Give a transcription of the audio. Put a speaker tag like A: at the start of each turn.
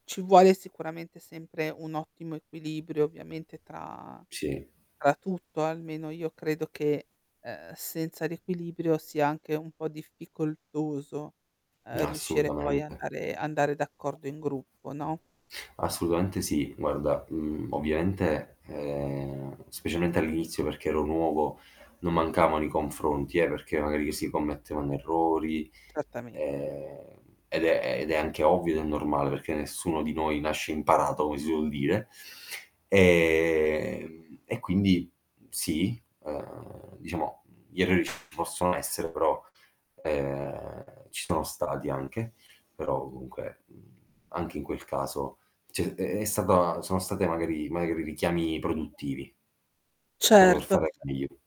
A: Ci vuole sicuramente sempre un ottimo equilibrio ovviamente tra
B: Sì.
A: tra tutto almeno, io credo che ehm, senza l'equilibrio sia anche un po' difficoltoso, ehm, riuscire poi
B: Assolutamente.
A: andare andare d'accordo in gruppo, no?
B: Assolutamente sì, guarda, mhmm, ovviamente, ehm, specialmente all'inizio perché ero nuovo, non mancavano i confronti eh, perché magari che si commettevano errori,
A: Certamente.
B: ehm, ed è ed è anche ovvio ed è normale perché nessuno di noi nasce imparato come si suol dire. E e quindi sì, ehm, diciamo gli errori possono essere però, ehm ci sono stati anche, però comunque, mhmm, anche in quel caso c'è è è stata sono state magari magari richiami produttivi. Proprio per
A: Certo.
B: fare meglio.